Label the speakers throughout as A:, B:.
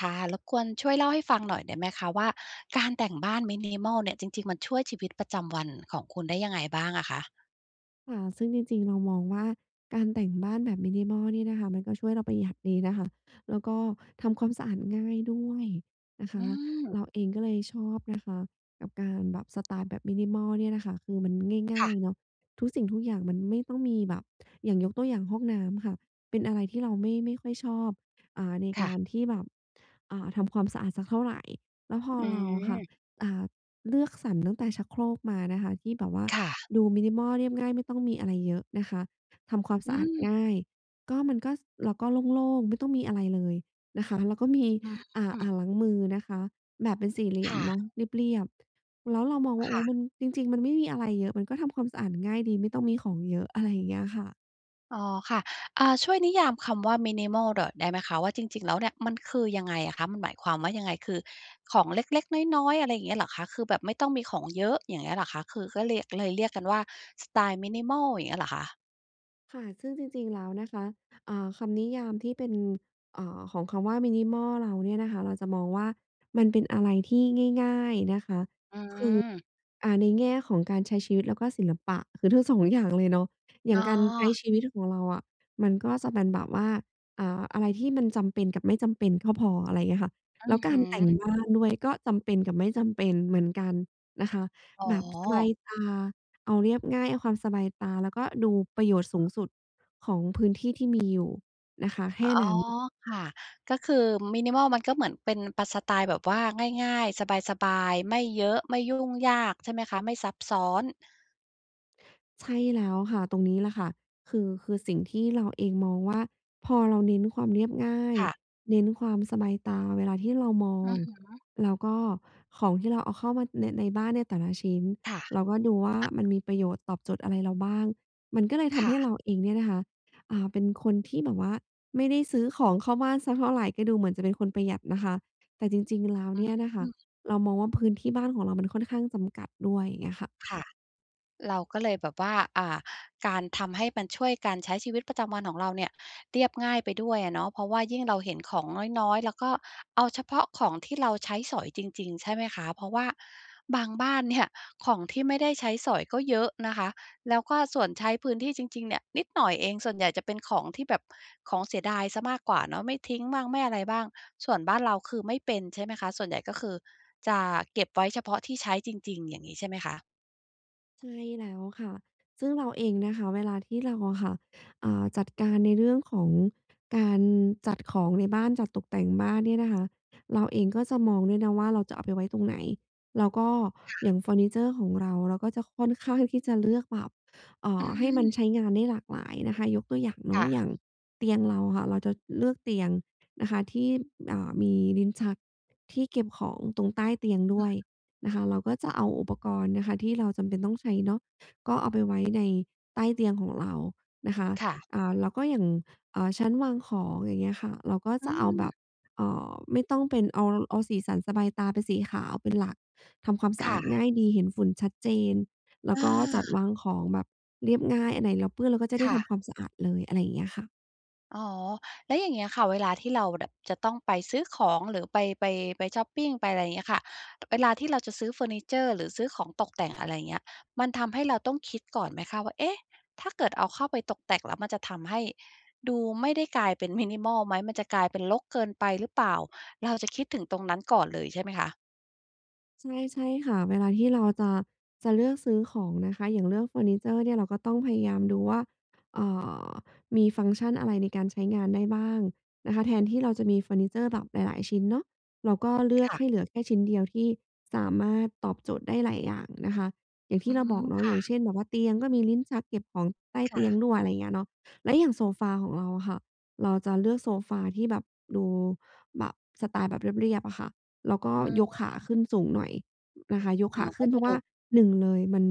A: ค่ะ รบกวนช่วยเล่าให้ฟังหน่อยได้ไหมคะว่า การแต่งบ้าน minimal เนี่ย จริง ๆ มันช่วยชีวิตประจำวันของคุณได้ยังไงบ้างอะคะ?
B: ค่ะ ซึ่งจริง ๆ เรามองว่าการแต่งบ้านแบบ minimal เนี่ยนะคะ มันก็ช่วยเราประหยัดดีนะคะ แล้วก็ทำความสะอาดง่ายด้วยนะค
A: อื
B: ะ
A: ม
B: เราเองก็เลยชอบนะคะ กับการ แบบสไตล์แบบ minimal เนี่ยนะคะ คือมันง
A: ค
B: ่า
A: ่ะ
B: ย ๆ เนาะ ทุกสิ่งทุกอย่างมันไม่ต้องมีแบบ อย่างยกตัวอย่างห้องน้ำค่ะ เป็นอะไรที่เราไม่ ไม่ค่อยชอบ อ่า ใน
A: ค
B: ก
A: ่ะ
B: ารที่แบบ อ่า ทำความสะอาดสักเท่าไร แล้วพอ
A: อื
B: เราอะค่ะ
A: ม
B: อ่า เลือกสรรตั้งแต่ชักโครกมานะคะ ที่แบบว่า
A: ค่ะ
B: ดู minimal เรียบง่าย ไม่ต้องมีอะไรเยอะนะคะ ทำความ
A: อ
B: ส
A: ื
B: ะอาด
A: ม
B: ง่าย ก็ มันก็ ส เราก็โล่ง ๆ ไม่ต้องมีอะไรเลยนะคะ แล้วก็มี
A: อ
B: อ่า
A: ื
B: อ่
A: ม
B: างล้างมือนะคะ แบบเป็นสี่เหลี่
A: ค
B: ยม
A: ่ะ
B: เนาะ เรียบ ๆ แล้วเรามองว่า
A: ค
B: โอ
A: ่
B: ้
A: ะ
B: มัน จริง ๆ มันไม่มีอะไรเยอะ มันก็ทำความสะอาดง่ายดี ไม่ต้องมีของเยอะ อะไรอย่างเงี้ยค่ะ
A: อ๋อค่ะ อ่า ช่วยนิยามคำว่า minimal ดอด ได้ไหมคะ ว่าจริง ๆ แล้วเนี่ยมันคือยังไงอะคะ? มันหมายความว่ายังไง? คือของเล็ก ๆ น้อย ๆ อะไรอย่างเงี้ยเหรอคะ คือแบบไม่ต้องมีของเยอะ อย่างเงี้ยเหรอคะ? คือก็เรียก เลยเรียกกันว่าสไตล์ minimal อย่างเงี้ยหรอคะ?
B: ค่ะ ซึ่งจริง ๆ แล้วนะคะ อ่า คำนิยามที่เป็น อ่า ของคำว่า minimal เราเนี่ยนะคะ เราจะมองว่า มันเป็นอะไรที่ง่าย ๆ นะคะ
A: อื
B: คือ
A: ม
B: อ่า ในแง่ของการใช้ชีวิตแล้วก็ศิลปะ คือทั้ง 2 อย่างเลยเนาะ อย
A: อ
B: ่
A: ๋
B: าง
A: อ
B: การใช้ชีวิตของเราอะ มันก็จะเป็นแบบว่า อ่า อะไรที่มันจำเป็นกับไม่จำเป็นก็พอ อะไรเงี้ยค่ะ
A: อื
B: แล้
A: อ
B: วก
A: ฮ
B: า
A: ึ
B: รแต่งบ้านด้วย ก็จำเป็นกับไม่จำเป็นเหมือนกันนะคะ
A: อ๋
B: แบบสบ
A: อ
B: ายตา เอาเรียบง่าย เอาความสบายตา แล้วก็ดูประโยชน์สูงสุดของพื้นที่ที่มีอยู่นะคะ แค
A: อ๋อ
B: ่นั้น
A: ค่ะ ก็คือ minimal มันก็เหมือนเป็นปะ สไตล์แบบว่าง่าย ๆ สบาย ๆ ไม่เยอะ ไม่ยุ่งยาก ใช่ไหมคะ? ไม่ซับซ้อน
B: ใช่แล้วค่ะ ตรงนี้แหละค่ะ คือ คือสิ่งที่เราเองมองว่า พอเราเน้นความเรียบง่าย
A: ค่ะ
B: เน้นความสบายตาเวลาที่เรามอ
A: อื
B: ง
A: อฮึ
B: แล้วก็ของที่เราเอาเข้ามาใน ในบ้านเนี่ยแต่ละชิ้น
A: ค่ะ
B: เราก็ดูว่า
A: อ
B: มัน
A: ะ
B: มีประโยชน์ตอบโจทย์อะไรเราบ้าง มันก็เลยท
A: ค
B: ำ
A: ่
B: ให้
A: ะ
B: เราเองเนี่ยนะคะ อ่า เป็นคนที่แบบว่าไม่ได้ซื้อของเข้าบ้านสักเท่าไร ก็ดูเหมือนจะเป็นคนประหยัดนะคะ แต่จริง ๆ แล้ว
A: อื
B: เนี่ยนะคะ
A: ม
B: เรามองว่า พื้นที่บ้านของเรามันค่อนข้างจำกัดด้วย เงี้ยค่ะ
A: ค่ะ เราก็เลยแบบว่า อ่า การทำให้มันช่วยการใช้ชีวิตประจำวันของเราเนี่ยเรียบง่ายไปด้วยอะเนาะ เพราะว่ายิ่งเราเห็นของน้อย ๆ แล้วก็เอาเฉพาะของที่เราใช้สอยจริง ๆ ใช่ไหมคะ เพราะว่าบางบ้าน เนี่ย ของที่ไม่ได้ใช้สอยก็เยอะนะคะ แล้วก็ส่วนใช้พื้นที่จริง ๆ เนี่ยนิดหน่อยเอง ส่วนใหญ่จะเป็นของที่แบบ ของเสียดายเสียมากกว่าเนาะ ไม่ทิ้งบ้างไม่อะไรบ้าง ส่วนบ้านเราคือไม่เป็น ใช่ไหมคะ ส่วนใหญ่ก็คือจะเก็บไว้เฉพาะที่ใช้จริง ๆ อย่างงี้ใช่ไหมคะ?
B: ใช่แล้วค่ะ ซึ่งเราเองนะคะ เวลาที่เราอะค่ะ อ่า จัดการในเรื่องของการจัดของในบ้านจัดตกแต่งบ้านเนี่ยนะคะ เราเองก็จะมองด้วยนะว่า เราจะเอาไปไว้ตรงไหน แล้วก็
A: ค่
B: อ
A: ะ
B: ย่างเฟอร์นิเชอร์ของเรา เราก็จะค่อน ข้าง ที่จะ เลือกแบบ เอ่
A: อื
B: อ ให้มัน
A: ม
B: ใช้งานได้หลากหลายนะคะ ยกตัวอย่างเน
A: ค
B: า
A: ่
B: ะ อ
A: ะ
B: ย่างเตียงเราค่ะ เราจะเลือกเตียงนะคะที่ อ่า มีลิ้นชักที่เก็บของตรงใต้เตียงด
A: อ
B: ้ว
A: ะ
B: ยนะคะ เราก็จะเอาอุปกรณ์นะคะ ที่เราจำเป็นต้องใช้เนาะ ก็เอาไปไว้ใน ใต้เตียงของเรานะคะ
A: ค่ะ
B: อ่า แล้วก็อย่าง เอ่อ ชั้นวางของ อย่างเงี้ยค่ะ เราก็
A: อื
B: จะเอาแบ
A: ม
B: บ เอ่อ ไม่ต้องเป็น เอา เอาสีสันสบายตาเป็นสีขาวเป็นหลัก ทำความสะ
A: ค
B: อ
A: ่
B: าดง
A: ะ
B: ่ายดี เห็นฝุ่นชัดเจน แล้
A: อ
B: วก็จัด
A: า
B: วางของแบบเรียบง่าย อันไหนเราเปื้อนเราก็จะไ
A: ค
B: ด้
A: ่
B: ท
A: ะ
B: ำความสะอาดเลย อะไรอย่างเงี้ยค่ะ
A: อ๋อ แล้วอย่างเงี้ยค่ะเวลาที่เรา ด จะต้องไปซื้อของ หรือไป ไป ไปช็อปปิง ไปอะไรอย่างเงี้ยค่ะ เวลาที่เราจะซื้อเฟอร์นิเชอร์ หรือซื้อของตกแต่ง อะไรอย่างเงี้ย มันทำให้เราต้องคิดก่อนไหมคะ? ว่า "เอ๊ะ! ถ้าเกิดเอาเข้าไปตกแต่งแล้ว มันจะทำให้ดูไม่ได้กลายเป็น minimal ไหม? มันจะกลายเป็นรกเกินไปหรือเปล่า?" เราจะคิด ถึงตรงนั้นก่อนเลยใช่ไหมคะ?
B: ใช่ ๆ ค่ะ เวลาที่เราจะ จะเลือกซื้อของนะคะ อย่างเลือกเฟอร์นิเชอร์เนี่ย เราก็ต้องพยายามดูว่า เอ่อ มีฟังก์ชันอะไรในการใช้งานได้บ้างนะคะ แทนที่เราจะมีเฟอร์นิเชอร์แบบหลาย ๆ ชิ้นเนาะ เราก็เลือ
A: ค
B: ก
A: ่ะ
B: ให้เหลือแค่ชิ้นเดียว ที่สามารถตอบโจทย์ได้หลายอย่างนะคะ อย่างท
A: อ
B: ี
A: ื
B: ่
A: อ
B: เร
A: ฮ
B: า
A: ึ
B: บอกเนา
A: ค
B: ะ อ
A: ่
B: ย่างเ
A: ะ
B: ช่น แบบว่าเตียงก็มีลิ้นชักเก็บของใต้
A: ค
B: เ
A: ่
B: ตียง
A: ะ
B: ด้วย อะไรเงี้ยเนาะ แล้วอย่างโซฟาของเราอะค่ะ เราจะเลือกโซฟาที่แบบดูแบบสไตล์แบบเรียบ ๆ อะค่ะ แล้วก็
A: อื
B: ยกขา
A: ม
B: ขึ้นสูงหน่อยนะคะ ยก
A: อ๋อ
B: ขาข
A: ก
B: ึ
A: ็
B: ้นเ
A: จ
B: พ
A: ะ
B: ราะว
A: ดู
B: ่า 1 เลย มัน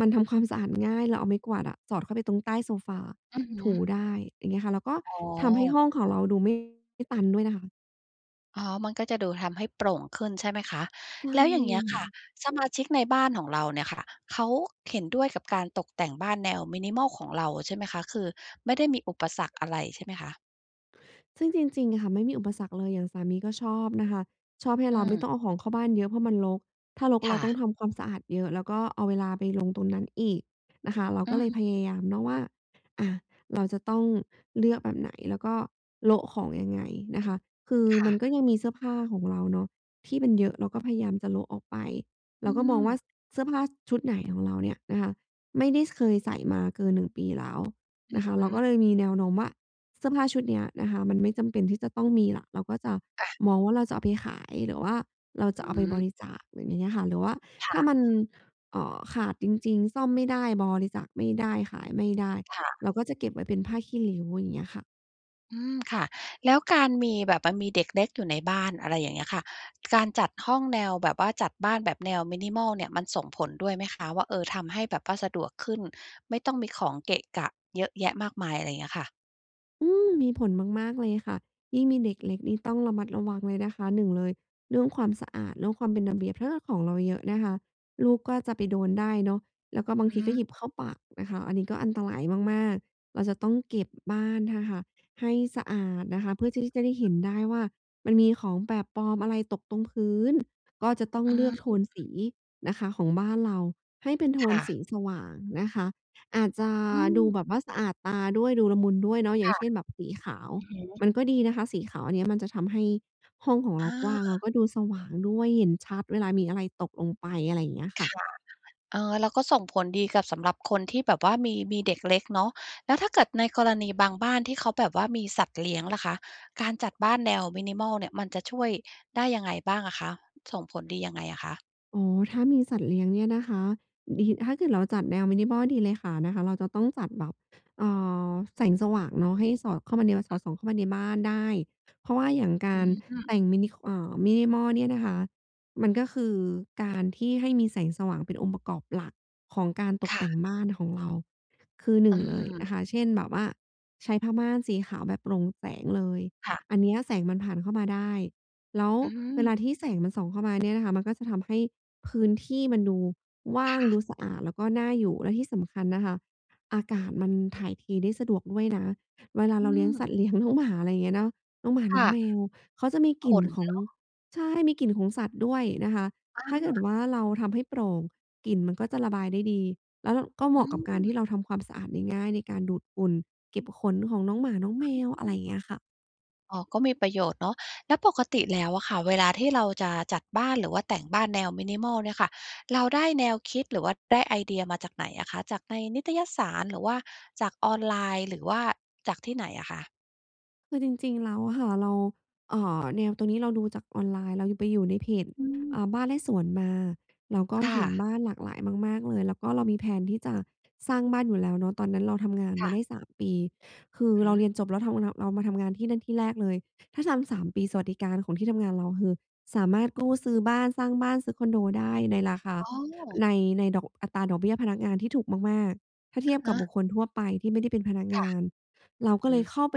B: มันทำความสะอาดง่าย เราเอาไม้กวาดอะสอดเข้าไปตรงใต้โซฟา
A: อือฮ
B: ถู
A: ึ
B: ได้ อย่างเงี้ยค่ะ แล้วก็
A: อ๋
B: ทำให้
A: อ
B: ห้องของเราดูไม่ ไม่ตันด้วยนะคะ
A: อ๋อ มันก็จะดูทำให้โปร่งขึ้นใช่ไหมคะ
B: ใช่
A: แล้วอย่างเงี้ย
B: ค
A: ค
B: ่
A: ่ะ
B: ะ
A: สมาชิกในบ้านของเราเนี่ยค่ะ เขาเห็นด้วยกับการตกแต่งบ้านแนว minimal ของเราใช่ไหมคะ? คือไม่ได้มีอุปสรรคอะไรใช่ไหมคะ?
B: ซึ่งจริง ๆ อะค่ะ ไม่มีอุปสรรคเลย อย่างสามีก็ชอบนะคะ ชอบให้
A: อื
B: เรา ไม่
A: ม
B: ต้องเอาของเข้าบ้านเยอะ เพราะมันรก ถ้ารก
A: ค
B: เรา
A: ่
B: ต้
A: ะ
B: องทำความสะอาดเยอะ แล้วก็เอาเวลาไปลง ตรงนั้นอีกนะคะ เรา
A: อื
B: ก็
A: อ
B: เล
A: ฮ
B: ยพ
A: ึ
B: ยายามเนาะว่า อะ เราจะต้องเลือกแบบไหน? แล้วก็โละของยังไงนะคะ? คือ
A: ค่
B: มันก็
A: ะ
B: ยังมีเสื้อผ้าของเราเนาะที่มันเยอะ เราก็พยายามจะโละออกไป เ
A: อ
B: ร
A: ื
B: าก็มองว่า
A: ม
B: ส เสื้อผ้าชุดไหน ของเราเนี่ยนะคะไม่ได้ ส เคยใส่มาเกิน 1 ปีแล้ว
A: อื
B: น
A: อ
B: ะคะ
A: ฮ
B: เราก
A: ึ
B: ็เลยมีแนวโน้มว่า เสื้อผ้าชุดเนี้ยนะคะมันไม่จำเป็นที่จะต้องมีแล้ว เราก็จะ
A: อะ
B: มองว่า เราจะเอาไปขาย หรือว่าเราจ
A: อ
B: ะเอาไปบ
A: ืม
B: ริจาคแบบนี้น่ะค่ะ หรือว่า
A: ค
B: ถ
A: ่
B: ้
A: ะ
B: ามัน เอ่อ ขาดจริง ๆ ซ่อมไม่ได้ บริจาคไม่ได้ ขายไม่ได้
A: ค่ะ
B: เราก็จะเก็บไว้เป็นผ้าขี้ริ้ว อย่างเงี้ยค่ะ
A: อืม ค่ะ แล้วการมีแบบมันมีเด็กเล็กอยู่ในบ้าน อะไรอย่างเงี้ยค่ะ การจัดห้องแนวแบบว่าจัดบ้านแบบแนว minimal เนี่ย มันส่งผลด้วยไหมคะ? ว่า เออ ทำให้แบบว่าสะดวกขึ้น ไม่ต้องมีของเกะกะ เยอะแยะมากมาย อะไรอย่างเงี้ยค่ะ
B: อืม มีผลมาก ๆ เลยค่ะ ยิ่งมีเด็กเล็กนี่ต้องระมัดระวังเลยนะคะ 1 เลย เรื่องความสะอาด เรื่องความเป็นระเบียบ ถ้าเกิด ของเราเยอะนะคะ ลูกก็จะไปโดนได้เนาะ แล้วก็บา
A: อ
B: ง
A: ื
B: ท
A: อ
B: ี
A: ฮ
B: ก็
A: ึ
B: หยิบเข้าปากนะคะ อันนี้ก็อันตรายมาก ๆ เราจะต้องเก็บบ้านนะคะให้สะอาดนะคะ เพื่อที่จะได้เห็นได้ว่า มันมีของแปลกปลอมอะไรตกตรงพื้น ก็จะต้อง
A: อื
B: เล
A: อฮ
B: ือกโทนส
A: ึ
B: ีนะคะ ของบ้านเราให้เป็นโท
A: ค
B: น
A: ่ะ
B: สีสว่างนะคะ อาจจะ
A: อื
B: ดู
A: ม
B: แบบว่าสะอาดตาด้วยดูละมุนด้วยเนาะ อย่
A: ค
B: าง
A: ่ะ
B: เช่น แบบ สีขาว
A: อือฮึ
B: มันก็ดีนะคะสีขาว อันเนี้ยมันจะทำให้ห้องของเร
A: อ
B: ากว้าง แล้
A: า
B: วก็ดูสว่างด้วย เห็นชัดเวลามีอะไรตกลงไป อะไรเงี้ยค
A: ค
B: ่ะ
A: ่ะ เออ แล้วก็ส่งผลดีกับสำหรับคนที่แบบว่ามี มีเด็กเล็กเนาะ แล้วถ้าเกิดในกรณีบางบ้านที่เขาแบบว่ามีสัตว์เลี้ยงล่ะคะ การจัดบ้านแนว minimal เนี่ย มันจะช่วยได้ยังไงบ้างอะคะ? ส่งผลดียังไงอะคะ?
B: อ๋อ ถ้ามีสัตว์เลี้ยงเนี่ยนะคะ ดี ถ้าเกิดเราจัดแนว minimal ดีเลยค่ะ นะคะ เราจะต้องจัดแบบ เอ่อ แสงสว่างเนาะให้สอดเข้ามา แนวสอดส่องเข้ามาในบ้านได้ เพราะว่าอย่างก
A: อื
B: าร
A: อฮึ
B: แต่งมินิ ค เอ่อ minimal เนี่ยนะคะ มันก็คือการ ที่ให้มีแสงสว่าง เป็นองค์ประกอบหลักของการต
A: ค
B: ก
A: ่
B: แต
A: ะ
B: ่งบ้านของเรา คือ หน
A: อ
B: ึ่
A: ื
B: ง เลย
A: ม
B: นะคะ เช่นแบบว่า ใช้ผ้าม่านสีขาวแบบโปร่งแสงเลย
A: ค่ะ
B: อันเนี้ยแสงมันผ่านเข้ามาได้ แล้ว
A: อื
B: เว
A: อ
B: ลาที่แสงมันส่องเข้ามาเนี่ย นะคะ มันก็จะทำให้พื้นที่มันดูว่
A: ค
B: าง
A: ่
B: ดู
A: ะ
B: สะอาด แล้วก็น่าอยู่ และที่สำคัญนะคะ อากาศมันถ่ายเทได้สะดวกด้วยนะ เวลา
A: อื
B: เราเลี้ยงสั
A: ม
B: ตว์ เลี้ยงน้อง หมา อะไรเงี้ยเนาะ น้องหมา
A: ค
B: น้อ
A: ่
B: งแม
A: ะ
B: วเขาจะมีก
A: ข
B: ลิ่น
A: น
B: ข
A: เ
B: อง
A: นาะ
B: ใช่ มีกลิ่นของสัตว์ด้วยนะคะ ถ้าเก
A: อ
B: ิด
A: า
B: ว่าเราทำให้โปร่ง กลิ่นมันก็จะระบายได้ดี และเรา ก็เ
A: อ
B: หม
A: ื
B: าะ กับการ
A: ม
B: ที่เราทำความสะอาดง่าย ๆ ในการดูดฝุ่น เก็บขนของน้องหมาน้องแมว อะไรเงี้ยค่ะ
A: อ๋อ ก็มีประโยชน์เนาะ แล้วปกติแล้วอะค่ะ เวลาที่เราจะจัดบ้าน หรือว่าแต่งบ้านแนว minimal เนี่ยค่ะ เราได้แนวคิด หรือว่าได้ไอเดียมาจากไหนอะคะ? จากในนิตยสาร หรือว่าจากออนไลน์ หรือว่าจากที่ไหนอะคะ?
B: คือจริง ๆ แล้วอะค่ะ เรา เอ่อ แนวตัวนี้เราดูจากออนไลน์ เราอะไปอยู่ในเพจ
A: อื
B: อ
A: ม
B: ่า บ้านและสวนมา เราก็
A: ค่
B: เห็น
A: ะ
B: บ้านหลากหลายมาก ๆ เลย แล้วก็เรามี แพลน ที่จะสร้างบ้านอยู่แล้วเนาะ ตอนนั้นเราทำงาน
A: ค
B: ม
A: ่
B: าได
A: ะ
B: ้ 3 ปี คือ
A: อื
B: เ
A: อ
B: รา
A: ฮึ
B: เรียนจบแล้ว เทามาทำ เรามาทำงานที่นั่นที่แรกเลย ถ้าทำ 3 ปี สวัสดิการของที่ทำงานเรา ก็คือสามารถกู้ซื้อบ้าน สร้างบ้าน ซื้อคอนโดได้ในราคา
A: อ๋อ
B: ใน ในดอก อัตราดอกเบี้ยพนักงานที่ถูกมาก ๆ ถ้าเ
A: อ
B: ที
A: ะ
B: ยบ
A: ฮ
B: กับบุ
A: ะ
B: คคลทั่วไปที่ไม่ได้เป็นพนัก
A: ค
B: ง
A: ่ะ
B: าน เราก็
A: อื
B: เ
A: อ
B: ล
A: ฮ
B: ย
A: ึ
B: เข้าไป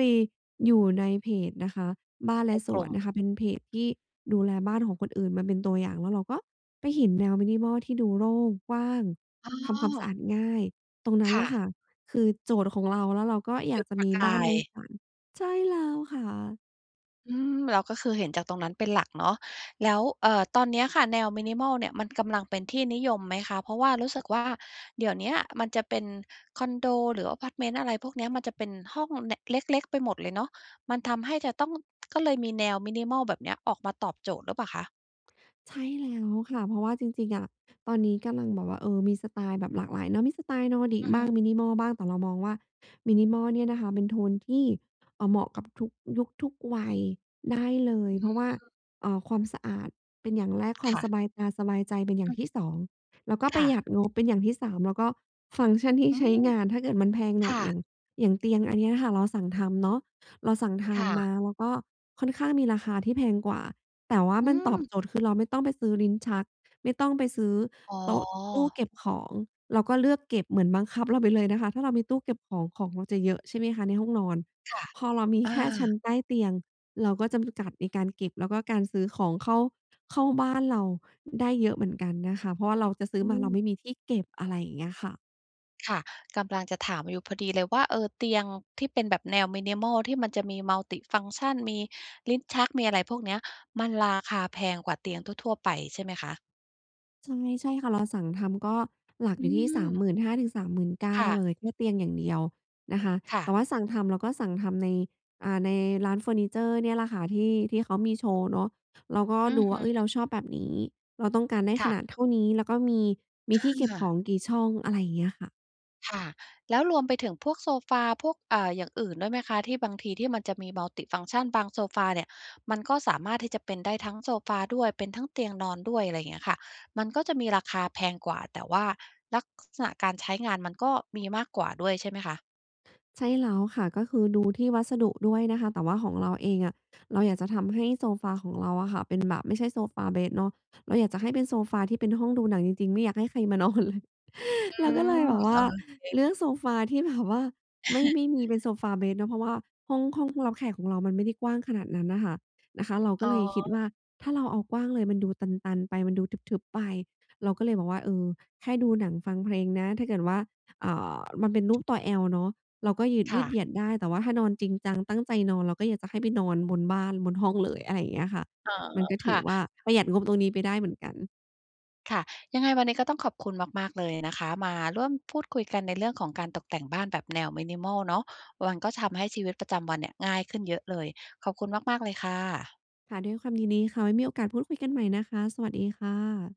B: อยู่ในเพจนะคะบ้านแล
A: ใน
B: ะส
A: กล
B: ว
A: ุ่
B: น
A: ม
B: นะคะ เป็นเพจที่ดูแลบ้านของคนอื่นมาเป็นตัวอย่าง แล้วเราก็ไปเห็นแนว minimal ที่ดูโล่ง กว้าง
A: อ๋
B: ทำความสะอ
A: อ
B: าดง่าย ตรงนั้
A: ค
B: น
A: ่
B: ล่ะ
A: ะ
B: ค่ะ คือ โจทย์ของเรา แล้วเราก็อย
A: จุ
B: าก
A: ด
B: จะ
A: ปร
B: ม
A: ะ
B: ี
A: ก
B: บ้า
A: า
B: นใ
A: ย
B: นฝัน ใช่แล้วค่ะ
A: อืม แล้วก็คือเห็นจากตรงนั้นเป็นหลักเนาะ แล้ว เอ่อ ตอนเนี้ยค่ะ แนว minimal เนี่ย มันกำลังเป็นที่นิยมไหมคะ? เพราะว่ารู้สึกว่าเดี๋ยวเนี้ยมันจะเป็นคอนโด หรืออะพาร์ตเมนต์ อะไรพวกเนี้ย มันจะเป็นห้อง แนะ เล็ก ๆ ไปหมดเลยเนาะ มันทำให้จะต้อง ก็เลยมีแนว minimal แบบเนี้ยออกมาตอบโจทย์หรือเปล่าคะ?
B: ใช่แล้วค่ะ เพราะว่าจริง ๆ อะ ตอนนี้กำลังแบบว่า เออ มีสไตล์แบบหลากหลายเนอะ มีสไตล์ Nordic
A: อือ
B: บ้
A: ฮ
B: าง
A: ึ
B: minimal บ้าง แต่เรามองว่า minimal เนี่ยนะคะ เป็นโทนที่ เอ่อ เหมาะกับทุกยุคทุกวัยได้เลย
A: อื
B: เพราะว่า
A: ม
B: เอ่อ ความสะอาดเป็นอย่างแรก ควา
A: ค
B: ม
A: ่ะ
B: สบายตาสบายใจเป็นอย่
A: อ
B: า
A: ื
B: ง
A: อ
B: ท
A: ฮ
B: ี
A: ึ
B: ่ 2 แล้วก็
A: ค
B: ปร
A: ่
B: ะห
A: ะ
B: ยัดงบเป็นอย่างที่ 3 แล้วก็ฟังก์ชันที่
A: อื
B: ใช้
A: ม
B: งาน ถ้าเกิดมันแพงห
A: ค
B: น่
A: ่
B: อย อย่
A: ะ
B: าง อย่างเตียงอันเนี้ยค่ะ เราสั่งทำเนาะ เราสั่งท
A: ค่
B: ำม
A: ะ
B: าแล้วก็ค่อนข้างมีราคาที่แพงกว่า แต่ว่า
A: อื
B: มันตอบ
A: ม
B: โจทย์ คือเราไม่ต้องไปซื้อลิ้นชัก ไม่ต้องไปซื้อ
A: อ๋
B: โต๊ะ ตู้
A: อ
B: เก็บของ เราก็เลือกเก็บ เหมือนบังคับเราไปเลยนะคะ ถ้าเรามีตู้เก็บของ ของเราจะเยอะ ใช่ไหมคะในห้องนอน
A: ค่ะ
B: พอเรามี
A: อ
B: แค่ชั้น
A: า
B: ใต้เตียง เราก็จำกัดในการเก็บ แล้วก็การซื้อของเข้า เข้าบ้านเราได้เยอะเหมือนกันนะคะ เพราะว่าเราจะซื้
A: อ
B: อ
A: ื
B: มาเรา
A: ม
B: ไม่มีที่เก็บ อะไรอย่างเงี้ยค่ะ
A: ค่ะ กำลังจะถามอยู่พอดีเลยว่า เอ่อ เตียงที่เป็นแบบแนว minimal ที่มันจะมี multifunction มีลิ้นชัก มีอะไรพวกเนี้ย มันราคาแพงกว่าเตียงทั่ว ๆ ไปใช่ไหมคะ?
B: ใช่ ใช่ค่ะ เราสั่งทำก็หลัก
A: อื
B: อยู่ที่ สา
A: ม
B: มหมื่นห้าถึงสามหมื่นเก้
A: ค
B: า
A: ่
B: เ
A: ะ
B: ลย แค่เตียงอย่างเดียวนะคะ
A: ค่
B: แต่
A: ะ
B: ว่าสั่งทำ เราก็สั่งทำใน อ่า ในร้านเฟอร์นิเชอร์เนี่ยล่ะค่ะ ที่ ที่เขามีโชว์เนาะ เราก็
A: อื
B: ด
A: อ
B: ู
A: ฮ
B: ว่
A: ึ
B: า เฮ้ย เราชอบแบบนี้ เราต้องการได้
A: ค
B: ข
A: ่ะ
B: นาดเท่านี้ แล้วก็มี มี
A: อ
B: ที่เก็บขอ
A: า
B: งกี่ช่อง อะไรเงี้ยค่ะ
A: ค่ะ แล้วรวมไปถึงพวกโซฟา พวก อ่า อย่างอื่นด้วยไหมคะ? ที่บางทีที่มันจะมีมัลติฟังก์ชัน บางโซฟาเนี่ยมันก็สามารถที่จะเป็นได้ทั้งโซฟาด้วย เป็นทั้งเตียงนอนด้วย อะไรเงี้ยค่ะ มันก็จะมีราคาแพงกว่า แต่ว่าลัก ข...ษณะการใช้งานมันก็มีมากกว่าด้วยใช่ไหมคะ?
B: ใช่แล้ว ค่ะ ก็คือดูที่วัสดุด้วยนะคะ แต่ว่าของเราเองอะเราอยากจะทำให้โซฟา ของเราอะค่ะ เป็นแบบไม่ใช่โซฟาเบดเนาะ เราอยากจะให้เป็นโซฟาที่เป็นห้องดูหนังจริง ๆ ไม่อยากให้ใคร มานอนเลย
A: อื
B: เราก็
A: ม
B: เลยแบบว
A: โอ
B: ่า
A: เค
B: เลือกโซฟาที่แบบว่าไม่ ไม่มีเป็นโซฟาเบดเนาะ เพราะว่าห้อง ห้อง รับแขกของเรามันไม่ได้กว้างขนาดนั้นน่ะค่ะ นะคะ เราก
A: อ
B: ็
A: ๋อ
B: เลยคิดว่า ถ้าเราเอากว้างเลยมันดูตัน ๆ ไป มันดูทึบ ๆ ไป เราก็เลยบอกว่า เออ แค่ดูหนังฟังเพลงนะ ถ้าเกิดว่า เอ่อ มันเป็นรูปตัว L เนาะ เราก็ยึด
A: ค
B: ยื
A: ่
B: ด
A: ะ
B: เหยียดได้ แต่ว่าถ้านอนจริงจัง ตั้งใจนอน เราก็อยากจะให้ไปนอนบนบ้าน บนห้องเลย อะไรอย่างเงี้ยค่ะ
A: อ๋อ
B: มันก็ถ
A: ค
B: ื
A: ่
B: อ
A: ะ
B: ว่า ประหยัดงบตรงนี้ไปได้เหมือนกัน
A: ค่ะ ยังไงวันนี้ก็ต้องขอบคุณมาก ๆ เลยนะคะ มาร่วมพูดคุยกันในเรื่องของการตกแต่งบ้านแบบแนว minimal เนาะ มันก็ทำให้ชีวิตประจำวันเนี่ยง่ายขึ้นเยอะเลย ขอบคุณมาก ๆ เลยค่ะ
B: ค่ะ ด้วยความยินดีค่ะ ไว้มีโอกาส พูดคุยกันใหม่นะคะ สวัสดีค่ะ